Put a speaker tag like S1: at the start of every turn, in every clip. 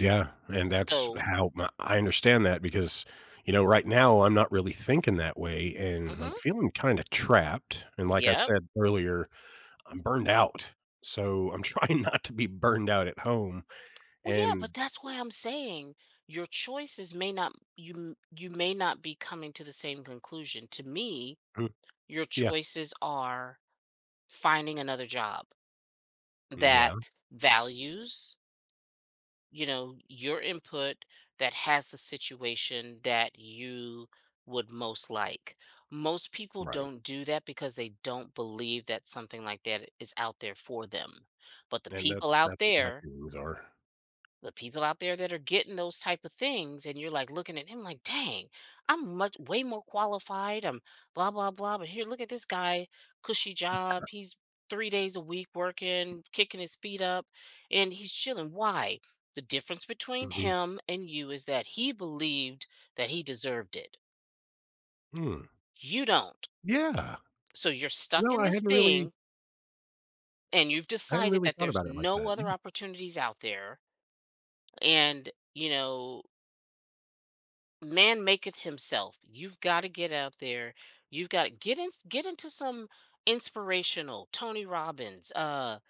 S1: Yeah. And that's
S2: So
S1: how my I understand that because, you know, right now I'm not really thinking that way, and I'm
S2: Mhm.
S1: feeling kinda trapped. And, like, I
S2: Yep.
S1: said earlier, I'm burned out. So I'm trying not to be burned out at home
S2: Well, yeah,
S1: and
S2: but that's why I'm saying your choices may not you you may not be coming to the same conclusion. To me,
S1: Hmm.
S2: your
S1: Yeah.
S2: choices are finding another job
S1: Mm yeah.
S2: that values you know, your input, that has the situation that you would most like. Most people
S1: Right.
S2: don't do that because they don't believe that something like that is out there for them. But the
S1: And
S2: people
S1: that's
S2: out
S1: that's what my
S2: there
S1: feelings are.
S2: the people out there that are getting those type of things and you're, like, looking at him, like, "Dang, I'm much way more qualified, I'm blah, blah, blah. But here, look at this guy, cushy job. He's 3 days a week working, kicking his feet up, and he's chilling." Why? The difference between
S1: Mhm.
S2: him and you is that he believed that he deserved it.
S1: Hmm.
S2: You don't.
S1: Yeah.
S2: So you're stuck
S1: No,
S2: in
S1: I
S2: this
S1: hadn't really
S2: thing and you've
S1: I hadn't
S2: decided
S1: really
S2: that
S1: thought
S2: there's
S1: about it like
S2: no
S1: that.
S2: other
S1: Yeah.
S2: opportunities out there and, you know man maketh himself. You've gotta get out there. You've gotta get in get into some inspirational Tony Robbins. Uh,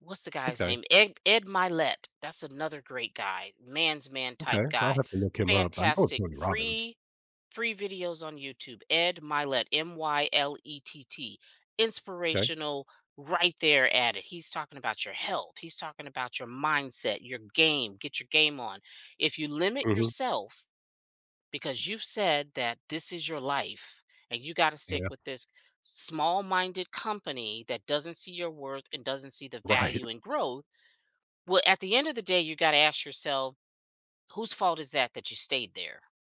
S2: what's the guy's
S1: Okay.
S2: name? Ed Ed Mylett, that's another great guy. Man's man type
S1: Okay. I'll
S2: guy.
S1: have to look him up. I know of
S2: Fantastic.
S1: Tony Robbins.
S2: Free free videos on YouTube. Ed Mylett. M-Y-L-E-T-T.
S1: 'Kay.
S2: Inspirational, right there at it. He's talking about your health. He's talking about your mindset, your game. Get your game on. If you limit
S1: Mhm.
S2: yourself, because you've said that this is your life and you gotta stick
S1: Yeah.
S2: with this small-minded company that doesn't see your worth and doesn't see the
S1: Right.
S2: value in growth, well, at the end of the day, you gotta ask yourself, whose fault is that that you stayed there?